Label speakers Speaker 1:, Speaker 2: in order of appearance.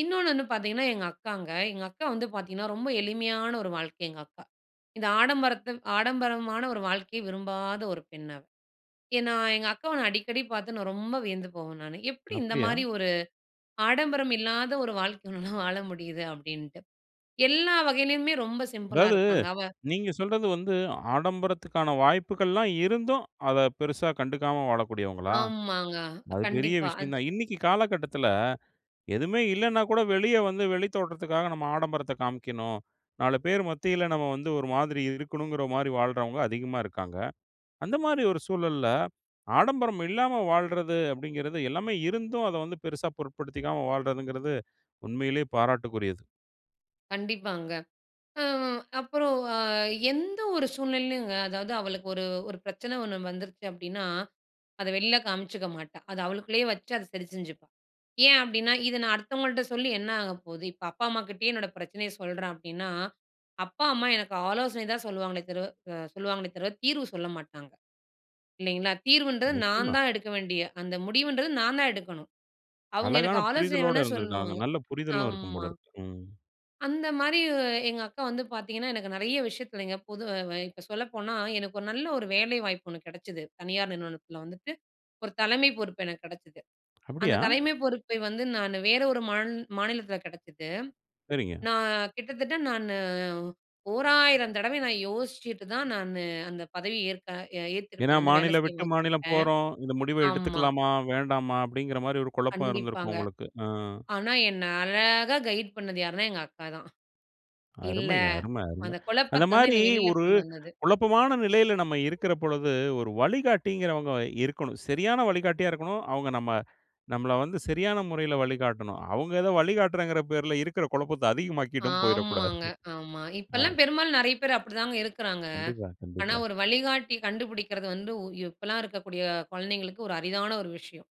Speaker 1: இன்னொன்னு வந்து பாத்தீங்கனா, எங்க அக்காங்க. எங்க அக்கா வந்து பாத்தீங்கனா ரொம்ப எளிமையான ஒரு வாழ்க்கை எங்க அக்கா. இந்த ஆடம்பரத்த ஆடம்பரமான ஒரு வாழ்க்கைய விரும்பாத ஒரு பெண் அவள். ஏன்னா எங்க அக்கா நான் அடிக்கடி பாத்து நான் ரொம்ப வியந்து போவேன் நானு. எப்டி இந்த
Speaker 2: அப்டியா?
Speaker 1: மாரி ஒரு ஆடம்பரம் இல்லாத ஒரு வாழ்க்கை உன்னால வாழ முடியுது அப்டின்ட்டு. எல்லா வகையிலேயுமே ரொம்ப சிம்பிளா
Speaker 2: அதாவது,
Speaker 1: இருப்பாங்க அவ
Speaker 2: நீங்க சொல்றது வந்து ஆடம்பரத்துக்கான வாய்ப்புகல்லாம் இருந்தும், அத பெருசா கண்டுக்காம வாழக்கூடியவங்களா?
Speaker 1: ஆமாங்க.
Speaker 2: அது பெரிய
Speaker 1: கண்டிப்பா
Speaker 2: விஷயம்
Speaker 1: அது
Speaker 2: தான். இன்னிக்கு காலகட்டத்துல, எதுமே இல்லனாகூட வெளிய வந்து வெளி தோற்றத்துக்காக நம்ம ஆடம்பரத்த காமிக்கணும். 4 பேர் மத்தியில நம்ம வந்து ஒரு மாதிரி இருக்கணுங்கற மாரி வாழ்றவங்க அதிகமா இருக்காங்க. அந்த மாரி ஒரு சூழல்ல, ஆடம்பரம் இல்லாம வாழ்றது அப்டிங்கறது எல்லாமே இருந்தும் அத வந்து பெருசா பொருட்படுத்திக்காம வாழ்றதிங்கறது உண்மையிலே பாராட்டுக்குரியது.
Speaker 1: கண்டிப்பாங்க. அ அப்பறம் அ எந்த ஒரு சூழ்நிலைலுங்க, அதாவது அவளுக்கு ஒரு ஒரு பிரச்சன ஒண்ணு வந்துருச்சு அப்டின்னா, அத வெளியில காமிச்சுக்க மாட்டா. அத அவளுக்குள்ளேயே வச்சு அத சரி செஞ்சுப்பா. ஏன் அப்டின்னா, "இத நான் அடுத்தவங்கள்ட்ட சொல்லி என்ன ஆக போகுது?" இப்ப அப்பா அம்மாகிட்டயே என்னோட பிரச்சனைய சொல்றேன் அப்டின்னா, அப்பா அம்மா எனக்கு ஆலோசனை தான் சொல்லுவாங்களே தரு அ சொல்லுவாங்களே தவிர தீர்வு சொல்ல மாட்டாங்க. இல்லைங்களா, தீர்வுன்றது நான்
Speaker 2: நிச்சயமா.
Speaker 1: தான் எடுக்க வேண்டிய, அந்த முடிவுன்றது நான் தான் எடுக்கணும். அவுங்க எனக்கு
Speaker 2: அழகான
Speaker 1: ஆலோசனை
Speaker 2: புரிதலோட
Speaker 1: வேணா
Speaker 2: இருந்துருக்காங்க.
Speaker 1: சொல்லுவாங்க.
Speaker 2: நல்ல புரிதலும் இருக்கும்
Speaker 1: ஆமா.
Speaker 2: போல இருக்கு. ம்.
Speaker 1: அந்த மாரி எங்க அக்கா வந்து பாத்தீங்கனா, எனக்கு நெறையா விஷயத்துலங்க பொது அ இப்ப சொல்லப்போனா, எனக்கு ஒரு நல்ல ஒரு வேலைவாய்ப்பு ஒண்ணு கெடச்சிது. தனியார் நிறுவனத்துல வந்துட்டு, ஒரு தலைமை பொறுப்பு எனக்கு கெடச்சிது. அந்த
Speaker 2: அப்டியா!
Speaker 1: தலைமை பொறுப்பை வந்து நானு வேற ஒரு மான் மாநிலத்துல கெடச்சிது.
Speaker 2: சரிங்க.
Speaker 1: நான் கிட்டத்தட்ட நானு ஓ 1000 தடவை நான் யோசிச்சுட்டு தான் நானு அந்த பதவி ஏற்க ஏ
Speaker 2: ஏன்னா,
Speaker 1: ஏத்துக்கிட்டு வந்து வேலை
Speaker 2: "மாநிலம்
Speaker 1: சேயும்
Speaker 2: விட்டு
Speaker 1: போது தொட்ட.
Speaker 2: மாநிலம் போறோம், இந்த முடிவ
Speaker 1: ஆமா.
Speaker 2: எடுத்துக்கலாமா, வேண்டாமா?" அப்டிங்கற மாரி ஒரு குழப்பம் இருந்திருக்கும்
Speaker 1: கண்டிப்பாங்க.
Speaker 2: உங்களுக்கு. அ.
Speaker 1: ஆனா என்ன அழகா கைட் பண்ணது யாருன்னா, எங்க அக்கா தான். இல்ல
Speaker 2: அருமைங்க! அரும, அரும.
Speaker 1: அந்த
Speaker 2: அந்த
Speaker 1: குழப்பத்தவந்து
Speaker 2: மாரி
Speaker 1: என்னைய வெளியில
Speaker 2: ஒரு
Speaker 1: கொண்டு வந்தது.
Speaker 2: குழப்பமான நிலையில நம்ம இருக்கிற பொழுது, ஒரு வழிகாட்டிங்கறவங்க இருக்கணும். சரியான வழிகாட்டியா இருக்கணும். அவங்க நம்ம நம்மள வந்து சரியான முறையில வழிகாட்டணும். அவங்க ஏதோ வழிகாட்றேன்ற பேர்ல இருக்குற குழப்பத்த அதிகமாக்கிட்டும் போய்றக்கூடாது.
Speaker 1: ஆமாங்க, ஆமா.
Speaker 2: அ.
Speaker 1: இப்பல்லாம் பெரும்பாலும் நெறையா பேர் அப்டிதாங்க இருக்குறாங்க.
Speaker 2: கண்டிப்பா.
Speaker 1: ஆனா
Speaker 2: கண்டிப்பா.
Speaker 1: ஒரு வழிகாட்டி கண்டுபிடிக்குறது வந்து உ இப்பல்லாம் இருக்கக்கூடிய குழந்தைகளுக்கு ஒரு அரிதான ஒரு விஷயம்.